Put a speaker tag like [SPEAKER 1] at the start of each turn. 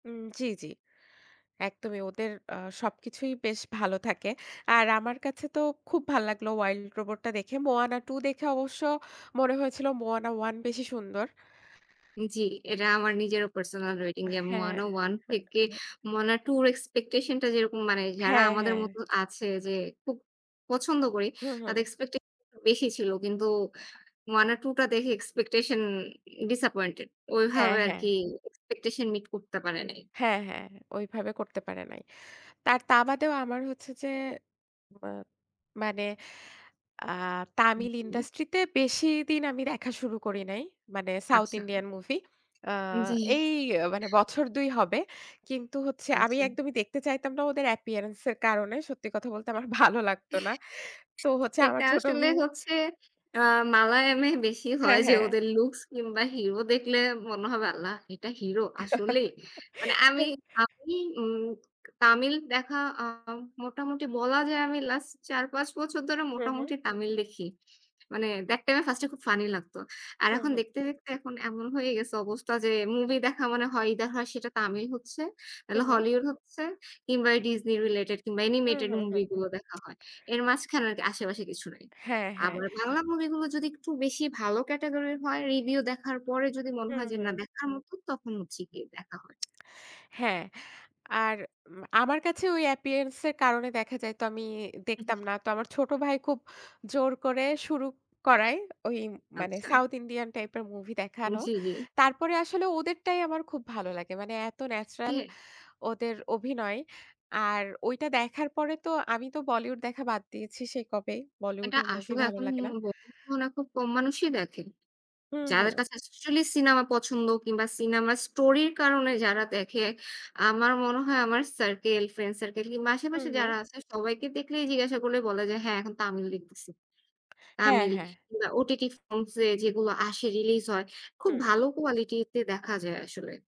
[SPEAKER 1] উম জি, জি। একদমই ওদের আ সবকিছুই বেশ ভালো থাকে। আর আমার কাছে তো খুব ভালো লাগলো 'Wild Robot' টা দেখে। 'Moana II' দেখে অবশ্য মনে হয়েছিল 'Moana I' বেশি সুন্দর।
[SPEAKER 2] জি, এটা আমার নিজেরও personal rating যে
[SPEAKER 1] হ্যাঁ,
[SPEAKER 2] 'Moana I'
[SPEAKER 1] হ্যাঁ,
[SPEAKER 2] থেকে
[SPEAKER 1] হ্যাঁ।
[SPEAKER 2] 'Moana II' এর expectation টা যেরকম মানে যারা
[SPEAKER 1] হ্যাঁ,
[SPEAKER 2] আমাদের
[SPEAKER 1] হ্যাঁ।
[SPEAKER 2] মতো আছে যে খুব পছন্দ করি
[SPEAKER 1] হুম, হুম।
[SPEAKER 2] তাদের expectation বেশি ছিল। কিন্তু 'Moana II' টা দেখে expectation disappointed
[SPEAKER 1] হ্যাঁ,
[SPEAKER 2] ওইভাবে আর
[SPEAKER 1] হ্যাঁ।
[SPEAKER 2] কি expectation meet করতে পারে নাই।
[SPEAKER 1] হ্যাঁ, হ্যাঁ। ওইভাবে করতে পারে নাই। তার তা বাদেও আমার হচ্ছে যে মা মানে আ তামিল
[SPEAKER 2] জি।
[SPEAKER 1] ইন্ডাস্ট্রিতে বেশিদিন আমি দেখা শুরু করি নাই। মানে South
[SPEAKER 2] আচ্ছা।
[SPEAKER 1] Indian movie আ
[SPEAKER 2] জি।
[SPEAKER 1] এই মানে বছর ২ হবে। কিন্তু হচ্ছে আমি
[SPEAKER 2] আচ্ছা।
[SPEAKER 1] একদমই দেখতে চাইতাম না ওদের appearance এর কারণে। সত্যি কথা বলতে আমার ভালো লাগত না। তো হচ্ছে আমার
[SPEAKER 2] এটা
[SPEAKER 1] ছোট
[SPEAKER 2] আসলে
[SPEAKER 1] ভাই
[SPEAKER 2] হচ্ছে আ মালায়ামে বেশি হয়
[SPEAKER 1] হ্যাঁ,
[SPEAKER 2] যে
[SPEAKER 1] হ্যাঁ।
[SPEAKER 2] ওদের looks কিংবা hero দেখলে মনে হবে “আল্লাহ! এটা hero আসলেই।“ মানে আমি আমি উম তামিল দেখা আ মোটামুটি বলা যায় আমি last ৪-৫ বছর ধরে
[SPEAKER 1] হুম, হুম।
[SPEAKER 2] মোটামুটি তামিল দেখি। মানে দ্যাট টাইমে first-এ খুব funny লাগত। আর
[SPEAKER 1] হুম,
[SPEAKER 2] এখন
[SPEAKER 1] হুম।
[SPEAKER 2] দেখতে দেখতে এখন এমন হয়ে গেছে অবস্থা যে movie দেখা মানে হয় ইদার হয় সেটা তামিল হচ্ছে, না
[SPEAKER 1] হুম, হুম।
[SPEAKER 2] Hollywood হচ্ছে, কিংবা এই Disney related কিংবা
[SPEAKER 1] হুম,
[SPEAKER 2] animated
[SPEAKER 1] হুম, হুম,
[SPEAKER 2] movie
[SPEAKER 1] হুম।
[SPEAKER 2] গুলো দেখা হয়। এর মাঝখানে আরকি আশেপাশে কিছু নাই।
[SPEAKER 1] হ্যাঁ, হ্যাঁ।
[SPEAKER 2] আবার বাংলা movie গুলো যদি একটু বেশি ভালো category হয়, review দেখার পরে যদি মনে
[SPEAKER 1] হুম,
[SPEAKER 2] হয় যে না
[SPEAKER 1] হুম।
[SPEAKER 2] দেখার মতো তখন হচ্ছে গিয়ে দেখা হয়।
[SPEAKER 1] হ্যাঁ। আর উম আমার কাছে ওই appearance -এর কারণে দেখা যাইতো আমি দেখতাম না। তো আমার ছোট ভাই খুব জোর করে শুরু করায় ওই মানে
[SPEAKER 2] আচ্ছা।
[SPEAKER 1] South Indian type-এর movie
[SPEAKER 2] উম
[SPEAKER 1] দেখানো।
[SPEAKER 2] জি, জি।
[SPEAKER 1] তারপরে আসলে ওদেরটাই আমার খুব ভালো লাগে। মানে এত natural
[SPEAKER 2] হ্যাঁ।
[SPEAKER 1] ওদের অভিনয়। আর ওইটা দেখার পরে তো আমি তো Bollywood দেখা বাদ দিয়েছি সেই কবেই। Bollywood
[SPEAKER 2] এটা
[SPEAKER 1] এর movie
[SPEAKER 2] আসলে
[SPEAKER 1] ভালো
[SPEAKER 2] এখন
[SPEAKER 1] লাগে
[SPEAKER 2] উম
[SPEAKER 1] না।
[SPEAKER 2] বর্তমানে মনে হয় খুব কম মানুষই দেখেন।
[SPEAKER 1] হুম,
[SPEAKER 2] যাদের
[SPEAKER 1] হুম।
[SPEAKER 2] কাছে actually cinema পছন্দ কিংবা cinema story-র কারণে যারা দেখে। আমার মনে হয় আমার circle, friend circle কিংবা
[SPEAKER 1] হুম,
[SPEAKER 2] আশেপাশে
[SPEAKER 1] হুম।
[SPEAKER 2] যারা আছে সবাইকে দেখলেই জিজ্ঞাসা করলে বলে যে হ্যাঁ এখন তামিল দেখতেছি।
[SPEAKER 1] হ্যাঁ,
[SPEAKER 2] তামিল,
[SPEAKER 1] হ্যাঁ।
[SPEAKER 2] কিংবা OTT forms -এ যেগুলো আসে release হয় খুব
[SPEAKER 1] হুম।
[SPEAKER 2] ভালো quality-তে দেখা যায় আসলে।